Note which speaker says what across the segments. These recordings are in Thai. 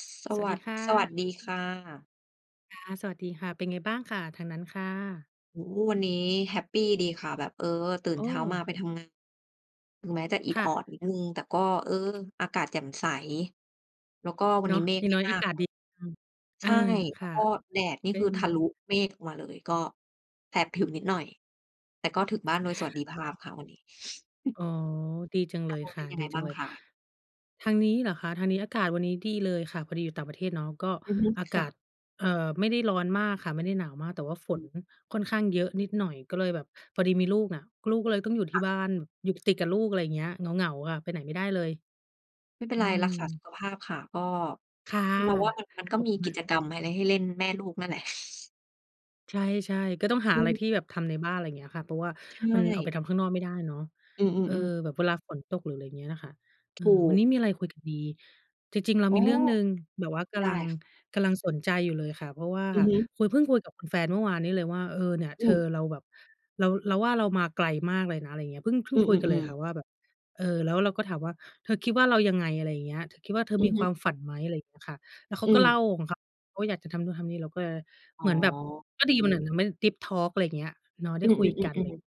Speaker 1: ส ส
Speaker 2: สว
Speaker 1: ว
Speaker 2: ัส
Speaker 1: ั
Speaker 2: ดี
Speaker 1: ส
Speaker 2: ค่
Speaker 1: สวัส
Speaker 2: ะ
Speaker 1: ดีค่ะ
Speaker 2: ค่ะ สวัสดีค่ะ เป็นไงบ้างค่ะ ทางนั้นค่ะ?
Speaker 1: โอ้โฮ! วันนี้แฮปปีดีค่ะ แบบ เออ ตื่น
Speaker 2: โอ
Speaker 1: เช้ามา
Speaker 2: ้!
Speaker 1: ไปทำงาน ถึงแม้จะอิด
Speaker 2: ค่
Speaker 1: ออ
Speaker 2: ะ
Speaker 1: ดนิดหนึ่ง แต่ก็ เออ อากาศแจ่มใส แล้วก็วัน
Speaker 2: เนา
Speaker 1: นี้
Speaker 2: ะ
Speaker 1: เม
Speaker 2: อ
Speaker 1: ฆ
Speaker 2: ย่า
Speaker 1: ไ
Speaker 2: ง
Speaker 1: ม่
Speaker 2: น้อย
Speaker 1: ม
Speaker 2: อ
Speaker 1: า
Speaker 2: า
Speaker 1: ก
Speaker 2: กาศ
Speaker 1: ค่ะ
Speaker 2: ดี อืม อ
Speaker 1: ใช
Speaker 2: า
Speaker 1: ่
Speaker 2: ค
Speaker 1: แล้ว
Speaker 2: ่ะ
Speaker 1: ก็แดดนี่
Speaker 2: ก็
Speaker 1: คื
Speaker 2: ย
Speaker 1: อ
Speaker 2: ัง
Speaker 1: ทะล
Speaker 2: ด
Speaker 1: ุ
Speaker 2: ี
Speaker 1: เมฆมาเลย ก็ แสบผิวนิดหน่อย แต่ก็ถึงบ้านโดยสวัสดิภ
Speaker 2: แล
Speaker 1: า
Speaker 2: ้
Speaker 1: พ
Speaker 2: ว
Speaker 1: ค่ะวันนี้
Speaker 2: อ๋อ ดีจัง
Speaker 1: ท
Speaker 2: เล
Speaker 1: าง
Speaker 2: ย
Speaker 1: นู้น
Speaker 2: ค
Speaker 1: เป
Speaker 2: ่
Speaker 1: ็
Speaker 2: ะ
Speaker 1: นยัง
Speaker 2: ด
Speaker 1: ไ
Speaker 2: ี
Speaker 1: ง
Speaker 2: จ
Speaker 1: บ
Speaker 2: ั
Speaker 1: ้า
Speaker 2: ง
Speaker 1: ง
Speaker 2: เลย
Speaker 1: คะ?
Speaker 2: ทางนี้ เหรอคะ ทางนี้ อากาศวันนี้ ดีเลยค่ะ พอดีอยู่ต่างประเทศเนาะ ก็
Speaker 1: อือฮึ
Speaker 2: อา
Speaker 1: ค
Speaker 2: ก
Speaker 1: ่
Speaker 2: าศ
Speaker 1: ะ
Speaker 2: เอ่อ ไม่ได้ร้อนมากค่ะ ไม่ได้หนาวมาก แต่ว่าฝ
Speaker 1: อื
Speaker 2: น
Speaker 1: ม
Speaker 2: ค่อนข้างเยอะนิดหน่อย ก็เลยแบบ พอดีมีลูกน่ะ ก ลูกก็เลยต้องอยู่ท
Speaker 1: ค
Speaker 2: ี่
Speaker 1: ่ะ
Speaker 2: บ้าน อยู่ติดกับลูก อะไรเงี้ย เหงา ๆ ค่ะ ไปไหนไม่ได้เลย
Speaker 1: ไม่เป็น
Speaker 2: อ
Speaker 1: ไ
Speaker 2: ื
Speaker 1: ร รั
Speaker 2: ม
Speaker 1: กษาสุขภาพค่ะ ก็
Speaker 2: ค่ะ
Speaker 1: เราว่ามัน มันก
Speaker 2: ข
Speaker 1: ็
Speaker 2: อบ
Speaker 1: มี
Speaker 2: คุณ
Speaker 1: กิ
Speaker 2: ค่ะ
Speaker 1: จกรรมอะไรให้เล่น แม่ลูกนั่นแหละ
Speaker 2: ใช่ ๆ ก็ต้องหา
Speaker 1: อื
Speaker 2: อะไรท
Speaker 1: อ
Speaker 2: ี่แบบทำในบ้าน ไรเงี้ยค่ะ เพราะว่า
Speaker 1: ใช
Speaker 2: มันออกไป
Speaker 1: ่
Speaker 2: ทำข้างนอกไม่ได้เนาะ
Speaker 1: อื
Speaker 2: เออ
Speaker 1: อ ๆ ๆ
Speaker 2: แบบเวลาฝนตก หรือไรเงี้ยน่ะค่ะ เอ
Speaker 1: ถ
Speaker 2: อ
Speaker 1: ู
Speaker 2: วั
Speaker 1: ก
Speaker 2: นนี้มีไรคุยกันดี จริง ๆ เรา
Speaker 1: อ๋
Speaker 2: ม
Speaker 1: อ
Speaker 2: ีเรื่องหนึ่งแบบว่าก
Speaker 1: ได
Speaker 2: ำล
Speaker 1: ้
Speaker 2: ัง
Speaker 1: ค่ะ
Speaker 2: กำลังสนใจอยู่เลยค่ะ เพราะว่า
Speaker 1: อือฮึ
Speaker 2: คุย เพิ่งคุยกับแฟนเมื่อวานนี้เลยว่า "เออ เนี่ย
Speaker 1: อ
Speaker 2: เธ
Speaker 1: ื
Speaker 2: อ
Speaker 1: ม
Speaker 2: เราแบบ เรา เราว่าเรามาไกลมากเลยนะ" ไรเงี้ย เพิ่ง เพิ่
Speaker 1: อ
Speaker 2: ง
Speaker 1: ื
Speaker 2: คุยกันเล
Speaker 1: อ
Speaker 2: ยค
Speaker 1: ๆ ๆ
Speaker 2: ่ะว่า แบบ เออ แล้วเราก็ถามว่า "เธอคิดว่า เรายังไง?" อะไรอย่างเงี้ย "เธอคิดว่า เธอ
Speaker 1: อื
Speaker 2: ม
Speaker 1: อ
Speaker 2: ี
Speaker 1: ฮ
Speaker 2: ค
Speaker 1: ึ
Speaker 2: วามฝันไหม?" อะไรอย่างเงี้ยค่ะ แล้วเข
Speaker 1: อื
Speaker 2: าก็เล่
Speaker 1: ม
Speaker 2: าของเขา เขาอยากจะทำนู่นทำนี่ เราก็เลย
Speaker 1: อ๋
Speaker 2: เหมือนแบบ
Speaker 1: อ
Speaker 2: ก็ดีเหมือนมัน ดีปทอร์ก อะไรเงี้ย เนาะ ไ
Speaker 1: อ
Speaker 2: ด้
Speaker 1: ือ
Speaker 2: คุยกัน ไรอย่า
Speaker 1: ๆ
Speaker 2: ง
Speaker 1: ๆ
Speaker 2: เ
Speaker 1: ๆ
Speaker 2: งี้ย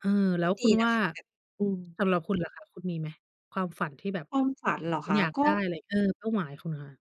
Speaker 2: เออ แล
Speaker 1: อ
Speaker 2: ้
Speaker 1: ุ๊ย!
Speaker 2: ว
Speaker 1: ด
Speaker 2: คุ
Speaker 1: ี
Speaker 2: ณ
Speaker 1: น
Speaker 2: ว
Speaker 1: ะ
Speaker 2: ่า
Speaker 1: คะ แบบ อืม
Speaker 2: สำหรับคุณล่ะคะ คุณมีไหม? ความฝันที่แบบ
Speaker 1: ความมฝันเหรอ
Speaker 2: คุ
Speaker 1: ค
Speaker 2: ณ
Speaker 1: ะ?
Speaker 2: อยาก
Speaker 1: ก
Speaker 2: ไ
Speaker 1: ็
Speaker 2: ด้อะไร? เออ เป้าหมายคุณค่ะ